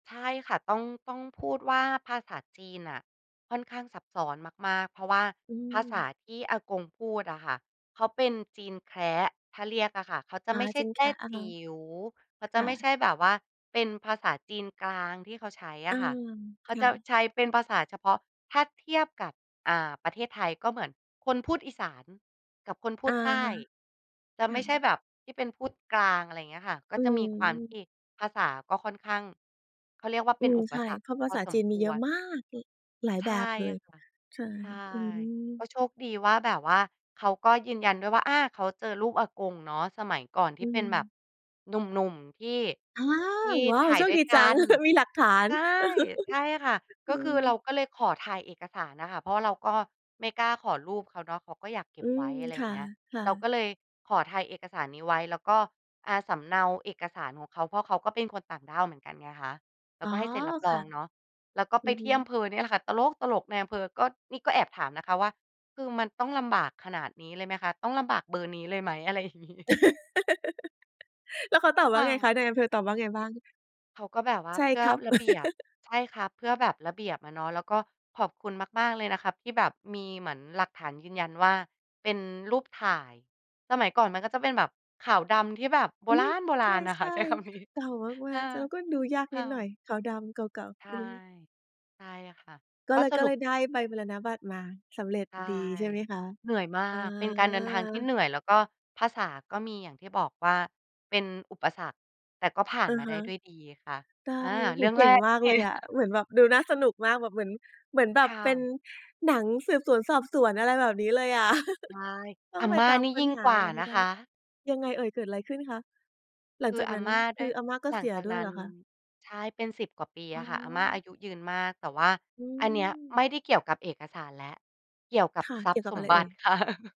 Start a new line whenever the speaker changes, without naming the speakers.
ใช่ค่ะ ต้อง ต้องพูดว่าภาษาจีนน่ะค่อนข้างซับซ้อนมาก ๆ เพราะว่า
อื
ภาษ
ม
าที่อากงพูดอะค่ะ เขาเป็นจีนแคระ ถ้าเรียกอะค่ะ เขาจะ
อ
ไ
า
ม่ใช
จ
่
ีน
แ
แ
ต
ค
้
ระ อะ
จ
ฮ
ิ
ะ
๋ว เขาจ
ค
ะ
่
ไม่
ะ
ใช่แบบว่าเป็นภาษาจีนกลางที่เขาใช้อ
อ
ะ
า
ค่ะ เข
ค
าจ
่
ะ
ะ
ใช้เป็นภาษาเฉพาะ ถ้าเทียบกับ อ่า ประเทศไทย ก็เหมือนคนพูดอีสานกับคนพู
อ
ด
า
ใต้ จ
ค
ะไ
่
ม่ใช่
ะ
แบบที่เป็นพูดกลาง อะไรอย่างเงี้ยค่ะ ก็
อื
จะมีความท
ม
ี่ ภาษาก็ค่อนข้าง เขาเรียกว่า
อ
เป
ื
็น
ม
อุป
ใช่
สรรค
เพราะภ
พ
า
อ
ษา
ส
จ
ม
ีน
ค
มีเย
ว
อะ
ร
มาก ล หลาย
ใช
แบ
่
บเลย
ค่ะ
ใช่
ใช่
อื
ก
อ
็โชคดีว่าแบบว่า เขาก็ยืนยันด้วยว่า อ่า เขาเจอรูปอากงเนาะ สมัยก่อนท
อ
ี
ื
่เป็นแบบ
ม
หนุ่ม ๆ ที่
อา
ที่
ว้า
ถ
ว!
่าย
โชค
ด้ว
ด
ย
ี
ก
จ
ั
ัง
น
มีหลักฐาน
ใช่ ใช่ค่ะ
อ
ก
ื
็คือเรา
ม
ก็เลยขอถ่ายเอกสารอะค่ะ เพราะว่าเราก็ไม่กล้าขอรูปเขาเนาะ เขาก็อยากเก็
อื
บไว
ม
้ อะไร
ค
อย่า
่ะ
งเงี้ย
ค่
เรา
ะ
ก็เลยขอถ่ายเอกสารนี้ไว้ แล้วก็ อ่า สำเนาเอกสารของเขา เพราะเขาก็เป็นคนต่างด้าวเหมือนกันไงคะ แล้
อ
ว
๋อ
ก็ให้เซ็นรับร
ค
อ
่ะ
งเนาะ แล้วก็
อื
ไป
อ
ท
ฮึ
ี่อำเภอเนี่ยแหละค่ะตลก ๆ นายอำเภอก็ นี่ก็แอบถามนะคะว่า "คือมันต้องลำบากขนาดนี้เลยไหมคะ? ต้องลำบากเบอร์นี้เลยไหม?" อะไร อย่างนี้
แล้วเขาตอบว
ค
่า
่
ไง
ะ
คะ นายอำเภอตอบว่าไงบ้าง?
เขาก็แบบว่า
"ใช่
"เพื่
ค
อ
รับ"
ระเบียบ ใช่ครับ เพื่อแบบระเบียบอะเนาะ แล้วก็ขอบคุณมาก ๆ เลยนะครับ ที่แบบมีเหมือนหลักฐานยืนยันว่า เป็นรูปถ่าย" สมัยก่อนมันก็จะเป็นแบบขาวดำที่แบบโบ
อื
ร
ม
าณ ๆ อะ
ใ
ค
ช
่ะ
่
ใช้คำนี้
ๆ เก่ามา
อา
ก ๆ แล้วก็ดูยาก
ค
นิ
่
ดหน่อ
ะ
ย ขาวดำเก่า
ใช
ๆ
่
อือฮึ
ใช่ค่ะ
ก็
ก็
เลย
ส
ก็
รุ
เล
ป
ยได้ใบมรณบัตรมา สำเร็จ
ใช่
ดีใช่ไหมคะ?
เหนื่อยมา
อ
ก เป็นการเดินทางที่เหน
า
ื่อย แล้วก็ภาษาก็มี อย่างที่บอกว่าเป็นอุปสรรค แต่ก็ผ่า
อ
น
ะ
มาไ
ฮ
ด้
ะ
ด้วยดีค่ะ
ได้
อา
โ
เ
อ
ร
้
ื่
โฮ
อง
เก
แร
่ง
ก
ม
น
า
ะ
ก
เน
เ
ี่
ล
ย
ยอะ เหมือนแบบดูน่าสนุกมาก แบบเหมือน เหมือนแบบ
ค่
เป็น
ะ
หนังสืบสวนสอบสวน อะไรแบบนี้เลยอะ
ใช่
ต้อ
อ
ง
า
ไป
ม่า
ตาม
นี้
ค้
ยิ
น
่ง
หา
กว่า
มาให้
นะ
ได้
คะ
ยังไงเอ่ย เกิดอะไรขึ้นคะ? หลั
ค
ง
ื
จ
อ
าก
อา
นั้น
ม่า
ค
ได
ื
้
ออาม่าก็
หล
เ
ั
ส
ง
ีย
จาก
ด้ว
น
ย
ั
เ
้
หร
น
อคะ?
ใช่ เป็น 10 กว่าปี
อ
อ
๋
ะค่ะ อาม่าอา
อ
ยุยืนมาก แต่ว่า
อื
อันเนี้ย
ม
ไม่ได้เกี่ยวกับเอกสารแล้ว เกี่ยวกับ
ค่ะ
ทร
เ
ั
ก
พ
ี่
ย
ยว
์
กั
ส
บอ
ม
ะไร
บ
เอ
ั
่
ติ
ย?
ค่ะ